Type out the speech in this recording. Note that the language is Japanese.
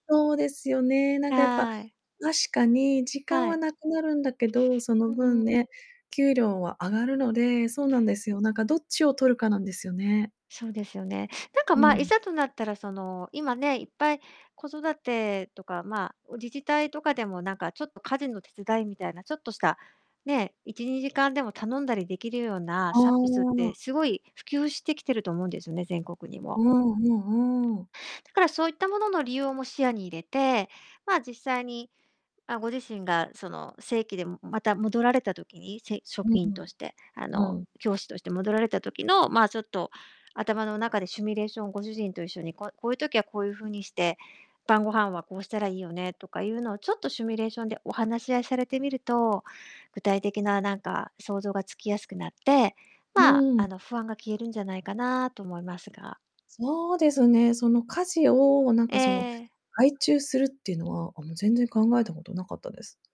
そうですよね。なんかやっぱ、はい。確かに時間ははい。無くなるんだけど、そのうー分ん。ね、給料は上がるので、そうなんですよ。なんかどっちを取るかなんですよね。そうですよね。なんかうまあ、いん。ざとなったらその、今ね、いっぱい子育てとか、まあ、お自治体とかでもなんか、ちょっと家事の手伝いみたいな、ちょっとした、ね、1、2時間でも頼んだり出来るようなあサービスって、あ。すごい普及してきてると思うんですよね、全国にうも。んうんうーん。だからそういったものの利用も視野に入れて、まあ、実際に、あ、ご自身が、その正規でまた戻られた時に、せ職う員ん。として、あうの、ん。教師として戻られた時の、まあ、ちょっと頭の中でシミュレーションをご主人と一緒に、こう-こういう時はこういう風にして、晩ご飯はこうしたらいいよねとかいうのを、ちょっとシミュレーションでお話し合いされてみると、具体的ななんか想像がつきやすくなって、うまあ、ーん。あの不安が消えるんじゃないかなと思いますが。そうですね、その家事を、なんえかその、え。外注するっていうのは、あ、もう全然考えたこと無かったです。